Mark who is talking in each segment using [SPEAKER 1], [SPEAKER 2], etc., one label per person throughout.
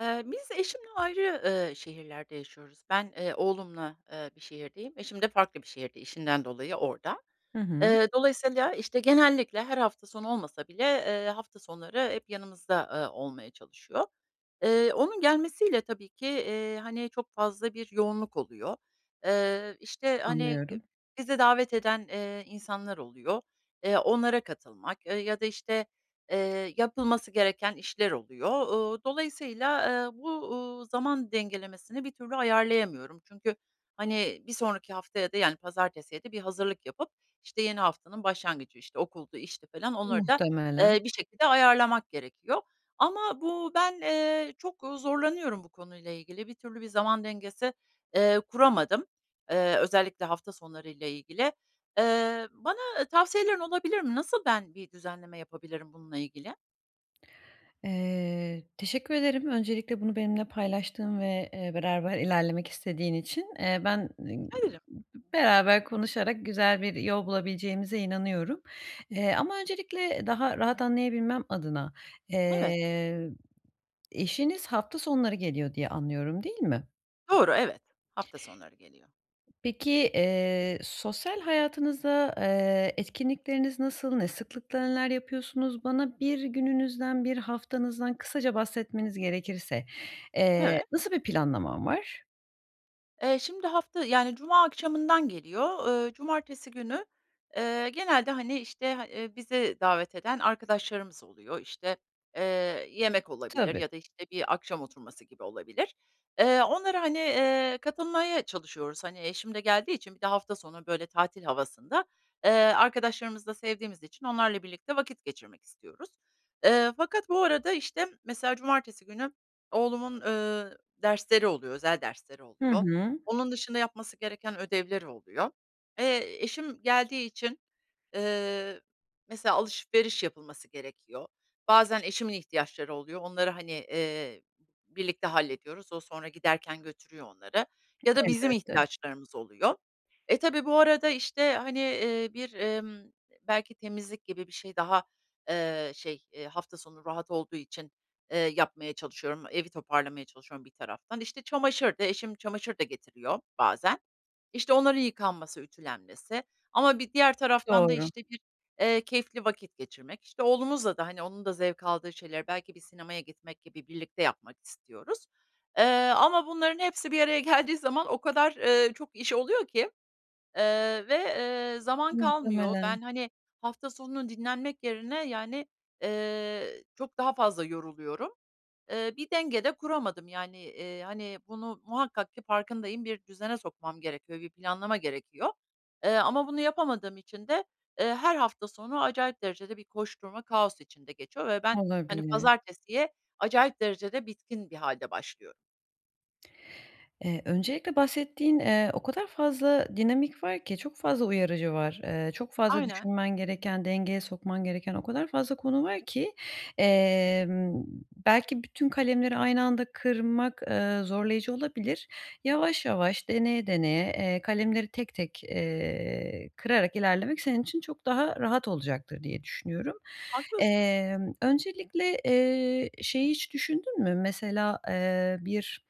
[SPEAKER 1] Eee, biz eşimle ayrı, eee, şehirlerde yaşıyoruz. Ben, eee, oğlumla, eee, bir şehirdeyim. Eşim de farklı bir şehirde. İşinden dolayı orada.
[SPEAKER 2] Hı hı.
[SPEAKER 1] Eee, dolayısıyla, işte, genellikle her hafta sonu olmasa bile, eee, hafta sonları hep yanımızda, eee, olmaya çalışıyor. Iıı, onun gelmesiyle tabii ki, eee, hani, çok fazla bir yoğunluk oluyor. Eee, işte, hani
[SPEAKER 2] Anlıyorum.
[SPEAKER 1] bizi davet eden, eee, insanlar oluyor. Eee, onlara katılmak, eee, ya da işte, eee, yapılması gereken işler oluyor. Uuu, dolayısıyla, eee, bu, uuu, zaman dengelemesini bir türlü ayarlayamıyorum. Çünkü hani, bir sonraki haftaya da yani, pazartesiye de bir hazırlık yapıp işte, yeni haftanın başlangıcı, işte, okuldu, işti falan onları da,
[SPEAKER 2] Muhtemelen.
[SPEAKER 1] eee, bir şekilde ayarlamak gerekiyor. Ama bu ben, eee, çok zorlanıyorum bu konuyla ilgili. Bir türlü bir zaman dengesi, eee, kuramadım. Eee, özellikle hafta sonları ile ilgili. Eee, bana ı tavsiyelerin olabilir mi? Nasıl ben bir düzenleme yapabilirim bununla ilgili?
[SPEAKER 2] Eee, teşekkür ederim. Öncelikle bunu benimle paylaştığın ve, eee, beraber ilerlemek istediğin için, eee, ben
[SPEAKER 1] [unintelligible]
[SPEAKER 2] beraber konuşarak güzel bir yol bulabileceğimize inanıyorum. Eee, ama öncelikle daha rahat anlayabilmem adına,
[SPEAKER 1] Evet.
[SPEAKER 2] eee eşiniz hafta sonları geliyor diye anlıyorum değil mi?
[SPEAKER 1] Doğru evet, hafta sonları geliyor.
[SPEAKER 2] Peki, eee, sosyal hayatınızda, eee, etkinlikleriniz nasıl? Ne sıklıkla neler yapıyorsunuz? Bana 1 gününüzden, 1 haftanızdan kısaca bahsetmeniz gerekirse, eee,
[SPEAKER 1] Evet.
[SPEAKER 2] nasıl bir planlaman var?
[SPEAKER 1] Eee, şimdi hafta yani, cuma akşamından geliyor. Iıı, cumartesi günü, eee, genelde, hani, işte, ha bizi davet eden arkadaşlarımız oluyor. İşte, eee, yemek olabilir
[SPEAKER 2] Tabii.
[SPEAKER 1] ya da, işte, bir akşam oturması gibi olabilir. Eee, onlara, hani, eee, katılmaya çalışıyoruz. Hani, eşim de geldiği için bir de hafta sonu, böyle, tatil havasında, ııı, arkadaşlarımızı da sevdiğimiz için onlarla birlikte vakit geçirmek istiyoruz. Iıı, fakat bu arada, işte, mesela cumartesi günü oğlumun, ııı, dersleri oluyor, özel dersleri
[SPEAKER 2] Hı
[SPEAKER 1] oluyor.
[SPEAKER 2] hı.
[SPEAKER 1] Onun dışında yapması gereken ödevleri oluyor. Eee, eşim geldiği için, ııı, mesela, alışveriş yapılması gerekiyor. Bazen eşimin ihtiyaçları oluyor. Onları, hani, eee, birlikte hallediyoruz. O sonra giderken götürüyor onları ya da bizim
[SPEAKER 2] Elbette.
[SPEAKER 1] ihtiyaçlarımız oluyor. E, tabii, bu arada, işte, hani, ııı, bir, ımm, belki temizlik gibi bir şey daha, eee, şey, eee, hafta sonu rahat olduğu için, eee, yapmaya çalışıyorum. Evi toparlamaya çalışıyorum bir taraftan. İşte, çamaşır da, eşim çamaşır da getiriyor bazen. İşte, onların yıkanması, ütülenmesi ama bir diğer taraftan da,
[SPEAKER 2] Doğru.
[SPEAKER 1] işte, bir, eee, keyifli vakit geçirmek, işte, oğlumuzla da, hani, onun da zevk aldığı şeyleri belki bir sinemaya gitmek gibi birlikte yapmak istiyoruz. Eee, ama bunların hepsi bir araya geldiği zaman o kadar, ııı, çok iş oluyor ki, ııı, ve, eee, zaman kalmıyor.
[SPEAKER 2] Muhtemelen.
[SPEAKER 1] Ben, hani, hafta sonunu dinlenmek yerine, yani, eee, çok daha fazla yoruluyorum. Iıı, bir denge de kuramadım, yani, ııı, hani bunu muhakkak ki farkındayım, bir düzene sokmam gerekiyor, bir planlama gerekiyor, eee, ama bunu yapamadığım için de, ııı, her hafta sonu acayip derecede bir koşturma, kaos içinde geçiyor ve ben, hani,
[SPEAKER 2] Olabilir.
[SPEAKER 1] pazartesiye acayip derecede bitkin bir hâlde başlıyorum.
[SPEAKER 2] Eee, öncelikle bahsettiğin, eee, o kadar fazla dinamik var ki çok fazla uyarıcı var. Eee, çok fazla
[SPEAKER 1] Aynen.
[SPEAKER 2] düşünmen gereken, dengeye sokman gereken o kadar fazla konu var ki, emm, belki bütün kalemleri aynı anda kırmak, ııı, zorlayıcı olabilir. Yavaş yavaş, deneye deneye, eee, kalemleri tek tek, eee, kırarak ilerlemek senin için çok daha rahat olacaktır diye düşünüyorum.
[SPEAKER 1] Haklısın.
[SPEAKER 2] Emm, öncelikle, eee, şeyi hiç düşündün mü? Mesela, eee, bir,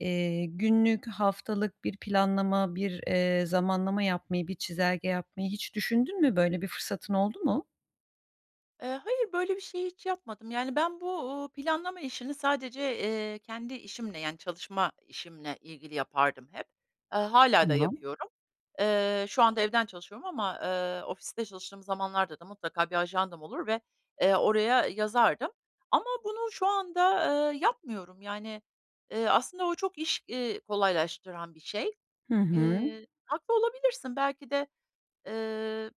[SPEAKER 2] eee, günlük, haftalık bir planlama, bir, eee, zamanlama yapmayı, bir çizelge yapmayı hiç düşündün mü? Böyle bir fırsatın oldu mu?
[SPEAKER 1] Eee, hayır, böyle bir şey hiç yapmadım, yani, ben bu, uuu, planlama işini sadece, eee, kendi işimle, yani, çalışma işimle ilgili yapardım hep. Eee, hâlâ da
[SPEAKER 2] Tamam.
[SPEAKER 1] yapıyorum. Eee, şu anda evden çalışıyorum ama, eee, ofiste çalıştığım zamanlarda da mutlaka bir ajandam olur ve, eee, oraya yazardım ama bunu şu anda, eee, yapmıyorum, yani, eee, aslında o çok iş, iii, kolaylaştıran bir şey.
[SPEAKER 2] Hı hı.
[SPEAKER 1] Eee, haklı olabilirsin. Belki de, eee,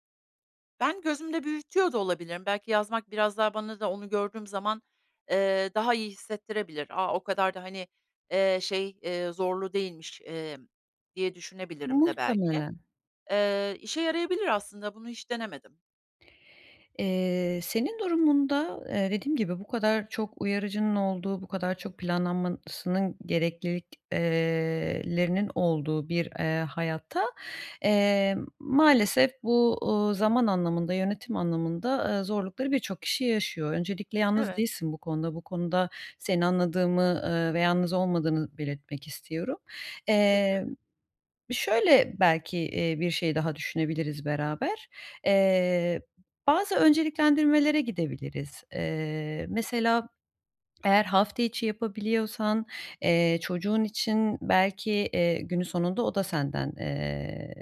[SPEAKER 1] ben gözümde büyütüyor da olabilirim. Belki yazmak biraz daha bana da onu gördüğüm zaman, eee, daha iyi hissettirebilir. A! O kadar da, eee, hani, şey, eee, zorlu değilmiş, eee, diye düşünebilirim de belki.
[SPEAKER 2] Muhtemelen.
[SPEAKER 1] Eee, işe yarayabilir aslında, bunu hiç denemedim.
[SPEAKER 2] Eee, senin durumunda, eee, dediğim gibi, bu kadar çok uyarıcının olduğu, bu kadar çok planlanmasının gereklilik eee, lerinin olduğu bir, eee, hayatta, eee, maalesef bu, uuu, zaman anlamında, yönetim anlamında, aaa, zorlukları birçok kişi yaşıyor. Öncelikle yalnız
[SPEAKER 1] Evet.
[SPEAKER 2] değilsin bu konuda. Bu konuda seni anladığımı, eee, ve yalnız olmadığını belirtmek istiyorum.
[SPEAKER 1] Bakarım.
[SPEAKER 2] Eee, şöyle, belki, iii, bir şey daha düşünebiliriz beraber. Eee, bazı önceliklendirmelere gidebiliriz. Eee, mesela, eğer hafta içi yapabiliyorsan, eee, çocuğun için belki, eee, günün sonunda o da senden, eee,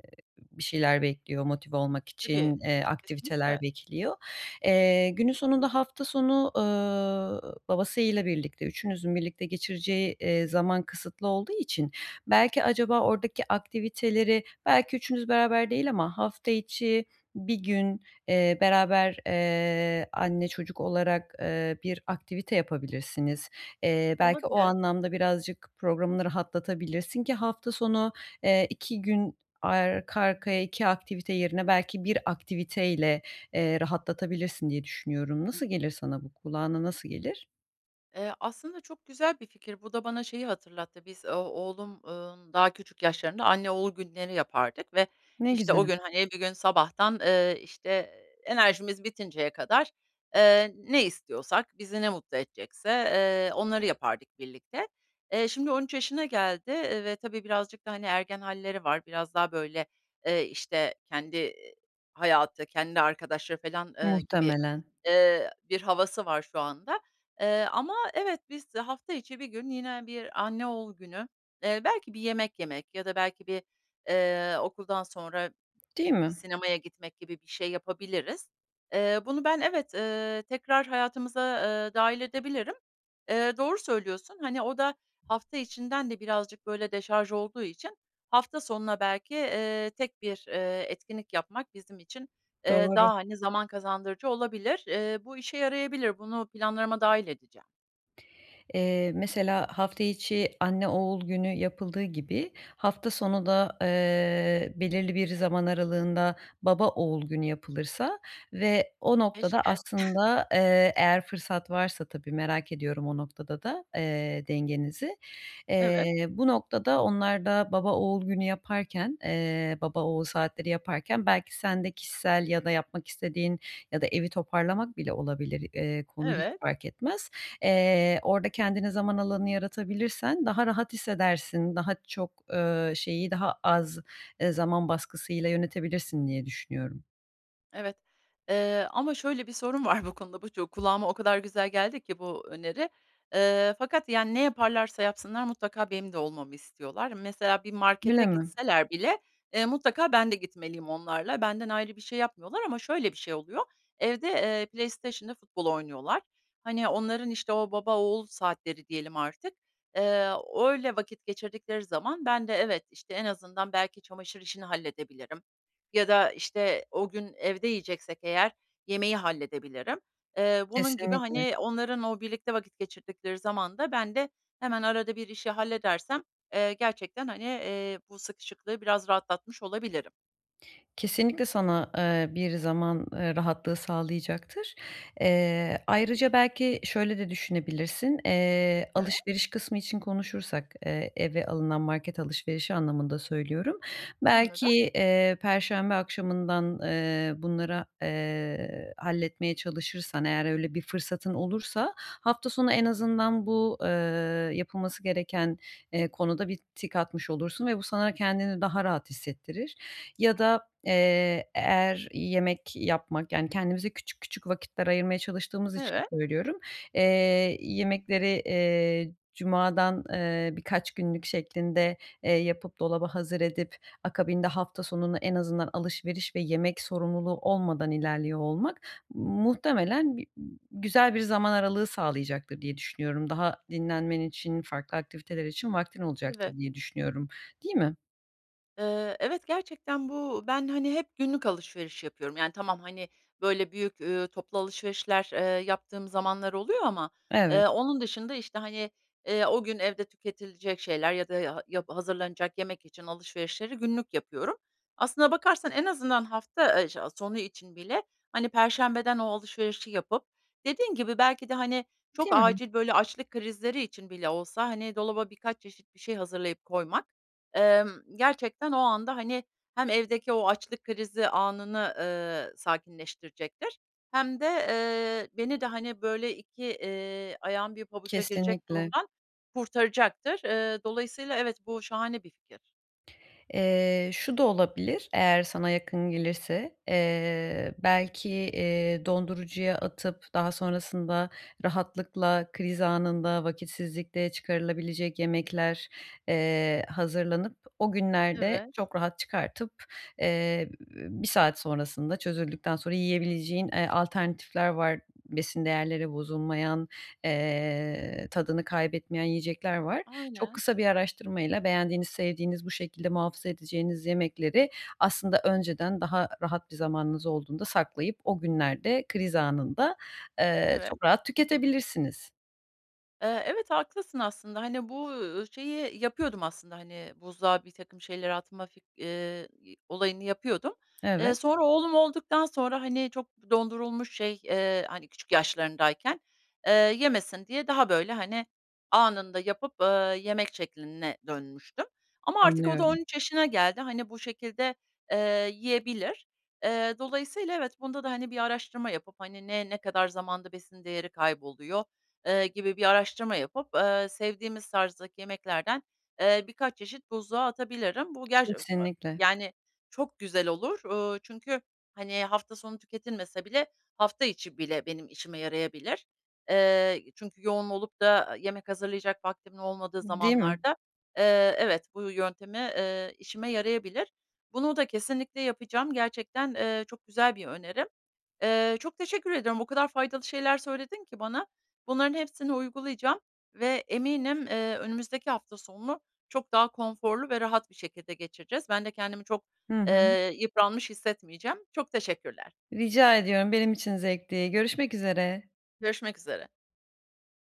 [SPEAKER 2] bir şeyler bekliyor, motive olmak için,
[SPEAKER 1] Tabii,
[SPEAKER 2] eee, aktiviteler
[SPEAKER 1] kesinlikle.
[SPEAKER 2] bekliyor. Eee, günün sonunda hafta sonu, ııı, babasıyla birlikte, üçünüzün birlikte geçireceği, eee, zaman kısıtlı olduğu için belki acaba oradaki aktiviteleri, belki üçünüz beraber değil ama hafta içi 1 gün, eee, beraber, eee, anne çocuk olarak, eee, bir aktivite yapabilirsiniz. Eee, belki o
[SPEAKER 1] Olabilir.
[SPEAKER 2] anlamda birazcık programını rahatlatabilirsin ki hafta sonu, eee, 2 gün arka arkaya 2 aktivite yerine belki 1 aktiviteyle, eee, rahatlatabilirsin diye düşünüyorum. Nasıl gelir sana, bu kulağına nasıl gelir?
[SPEAKER 1] Eee, aslında çok güzel bir fikir. Bu da bana şeyi hatırlattı. Biz o oğlum, ımm, daha küçük yaşlarında anne oğul günleri yapardık ve,
[SPEAKER 2] Ne
[SPEAKER 1] işte,
[SPEAKER 2] güzel.
[SPEAKER 1] o gün, hani, bir gün sabahtan, ııı, işte, enerjimiz bitinceye kadar, ııı, ne istiyorsak, bizi ne mutlu edecekse, ııı, onları yapardık birlikte. Eee, şimdi 13 yaşına geldi, eee, ve tabii birazcık da, hani, ergen halleri var. Biraz daha, böyle, ııı, işte, kendi hayatı, kendi arkadaşları felan, ııı, gibi,
[SPEAKER 2] Muhtemelen.
[SPEAKER 1] ııı, bir havası var şu anda. Eee, ama, evet, biz, eee, hafta içi bir gün yine bir anne oğul günü, eee, belki bir yemek yemek ya da belki bir, ııı, okuldan sonra
[SPEAKER 2] Değil
[SPEAKER 1] bir
[SPEAKER 2] mi?
[SPEAKER 1] sinemaya gitmek gibi bir şey yapabiliriz. Eee, bunu ben, evet, ııı, tekrar hayatımıza, ııı, dâhil edebilirim. Eee, doğru söylüyorsun. Hani, o da hafta içinden de birazcık, böyle, deşarj olduğu için hafta sonuna belki, eee, tek bir, eee, etkinlik yapmak bizim için, eee,
[SPEAKER 2] Doğru.
[SPEAKER 1] daha, hani, zaman kazandırıcı olabilir. Eee, bu işe yarayabilir. Bunu planlarıma dâhil edeceğim.
[SPEAKER 2] Eee, mesela, hafta içi anne oğul günü yapıldığı gibi hafta sonu da, eee, belirli bir zaman aralığında baba oğul günü yapılırsa ve o noktada
[SPEAKER 1] Keşke.
[SPEAKER 2] aslında, eee, eğer fırsat varsa tabii. Merak ediyorum o noktada da, eee, dengenizi.
[SPEAKER 1] Evet.
[SPEAKER 2] Eee, bu noktada onlar da baba oğul günü yaparken, eee, baba oğul saatleri yaparken belki sen de kişisel ya da yapmak istediğin ya da evi toparlamak bile olabilir. Eee, konu hiç
[SPEAKER 1] Evet.
[SPEAKER 2] fark etmez. Eee, orada kendine zaman alanı yaratabilirsen daha rahat hissedersin, daha çok, eee, şeyi daha az, eee, zaman baskısıyla yönetebilirsin diye düşünüyorum.
[SPEAKER 1] Evet, eee, ama şöyle bir sorun var bu konuda, bu çok kulağıma o kadar güzel geldi ki bu öneri. E ee, fakat, yani, ne yaparlarsa yapsınlar mutlaka benim de olmamı istiyorlar. Mesela, bir markete
[SPEAKER 2] [unintelligible]
[SPEAKER 1] gitseler bile, eee, mutlaka ben de gitmeliyim onlarla. Benden ayrı bir şey yapmıyorlar ama şöyle bir şey oluyor, evde, eee, PlayStation'la futbol oynuyorlar. Hani, onların, işte, o baba oğul saatleri diyelim artık, eee, öyle vakit geçirdikleri zaman ben de evet, işte en azından belki çamaşır işini halledebilirim ya da, işte, o gün evde yiyeceksek eğer yemeği halledebilirim. Eee, bunun gibi,
[SPEAKER 2] Kesinlikle.
[SPEAKER 1] hani, onların o birlikte vakit geçirdikleri zamanda ben de hemen arada bir işi halledersem, eee, gerçekten, hani, eee, bu sıkışıklığı biraz rahatlatmış olabilirim.
[SPEAKER 2] Kesinlikle sana, eee, bir zaman, eee, rahatlığı sağlayacaktır. Eee, ayrıca belki şöyle de düşünebilirsin. Eee,
[SPEAKER 1] [unintelligible]
[SPEAKER 2] alışveriş kısmı için konuşursak, eee, eve alınan market alışverişi anlamında söylüyorum, belki,
[SPEAKER 1] Anladım.
[SPEAKER 2] eee, perşembe akşamından, eee, bunlara, eee, halletmeye çalışırsan eğer öyle bir fırsatın olursa, hafta sonu en azından bu, eee, yapılması gereken, eee, konuda bir tik atmış olursun ve bu sana kendini daha rahat hissettirir ya da, eee, eğer yemek yapmak, yani, kendimize küçük küçük vakitler ayırmaya çalıştığımız için
[SPEAKER 1] Evet.
[SPEAKER 2] söylüyorum, eee, yemekleri, eee, cumadan, eee, birkaç günlük şeklinde, eee, yapıp dolaba hazır edip akabinde hafta sonunu en azından alışveriş ve yemek sorumluluğu olmadan ilerliyor olmak muhtemelen güzel bir zaman aralığı sağlayacaktır diye düşünüyorum. Daha dinlenmen için, farklı aktiviteler için vaktin
[SPEAKER 1] Evet.
[SPEAKER 2] olacaktır diye düşünüyorum. Değil mi?
[SPEAKER 1] Eee, evet, gerçekten bu, ben, hani, hep günlük alışveriş yapıyorum. Yani, tamam, hani, böyle, büyük, eee, toplu alışverişler, eee, yaptığım zamanlar oluyor ama,
[SPEAKER 2] Evet.
[SPEAKER 1] eee, onun dışında, işte, hani, eee, o gün evde tüketilecek şeyler ya da ya yap hazırlanacak yemek için alışverişleri günlük yapıyorum. Aslına bakarsan en azından hafta, eee, şe sonu için bile, hani, perşembeden o alışverişi yapıp dediğin gibi belki de, hani, çok
[SPEAKER 2] Değil mi?
[SPEAKER 1] acil, böyle, açlık krizleri için bile olsa, hani, dolaba birkaç çeşit bir şey hazırlayıp koymak, emm, gerçekten o anda, hani, hem evdeki o açlık krizi anını, eee, sakinleştirecektir hem de, eee, beni de, hani, böyle, iki, eee, ayağım bir pabuca girecek
[SPEAKER 2] Kesinlikle.
[SPEAKER 1] durumdan kurtaracaktır. Eee, dolayısıyla evet, bu şahane bir fikir.
[SPEAKER 2] Eee, şu da olabilir eğer sana yakın gelirse, eee, belki, eee, dondurucuya atıp daha sonrasında rahatlıkla kriz anında vakitsizlikte çıkarılabilecek yemekler, eee, hazırlanıp o günlerde
[SPEAKER 1] Evet.
[SPEAKER 2] çok rahat çıkartıp, eee, 1 saat sonrasında çözüldükten sonra yiyebileceğin, eee, alternatifler var besin değerleri bozulmayan, eee, tadını kaybetmeyen yiyecekler var. Çok
[SPEAKER 1] Aynen.
[SPEAKER 2] kısa bir araştırmayla beğendiğiniz, sevdiğiniz, bu şekilde muhafaza edeceğiniz yemekleri aslında önceden daha rahat bir zamanınız olduğunda saklayıp o günlerde kriz anında, eee,
[SPEAKER 1] Evet.
[SPEAKER 2] çok rahat tüketebilirsiniz.
[SPEAKER 1] Eee, evet, haklısın aslında, hani, bu, uuu, şeyi yapıyordum aslında, hani, buzluğa birtakım şeyler atma fik eee, olayını yapıyordum. Eee,
[SPEAKER 2] Evet.
[SPEAKER 1] sonra oğlum olduktan sonra, hani, çok dondurulmuş şey, eee, hani, küçük yaşlarındayken, eee, yemesin diye daha, böyle, hani, anında yapıp, ııı yemek şekline dönmüştüm. Ama artık o da on
[SPEAKER 2] Anlıyorum.
[SPEAKER 1] üç yaşına geldi. Hani, bu şekilde, eee, yiyebilir. Eee, dolayısıyla evet, bunda da, hani, bir araştırma yapıp, hani, ne, ne kadar zamanda besin değeri kayboluyor, eee, gibi bir araştırma yapıp, eee, sevdiğimiz tarzdaki yemeklerden, eee, birkaç çeşit buzluğa atabilirim. Bu [unintelligible]
[SPEAKER 2] Kesinlikle.
[SPEAKER 1] yani, çok güzel olur. Uuu, çünkü, hani, hafta sonu tüketilmese bile hafta içi bile benim işime yarayabilir. Eee, çünkü yoğun olup da yemek hazırlayacak vaktimin olmadığı
[SPEAKER 2] D değil mi?
[SPEAKER 1] zamanlarda, eee, evet, bu yöntemi, eee, işime yarayabilir. Bunu da kesinlikle yapacağım. Gerçekten, eee, çok güzel bir önerim. Eee, çok teşekkür ediyorum. O kadar faydalı şeyler söyledin ki bana, bunların hepsini uygulayacağım ve eminim, eee, önümüzdeki hafta sonunu çok daha konforlu ve rahat bir şekilde geçireceğiz. Ben de kendimi çok,
[SPEAKER 2] Hı hı.
[SPEAKER 1] eee yıpranmış hissetmeyeceğim. Çok teşekkürler.
[SPEAKER 2] Rica ediyorum. Benim için zevkti. Görüşmek üzere.
[SPEAKER 1] Görüşmek üzere.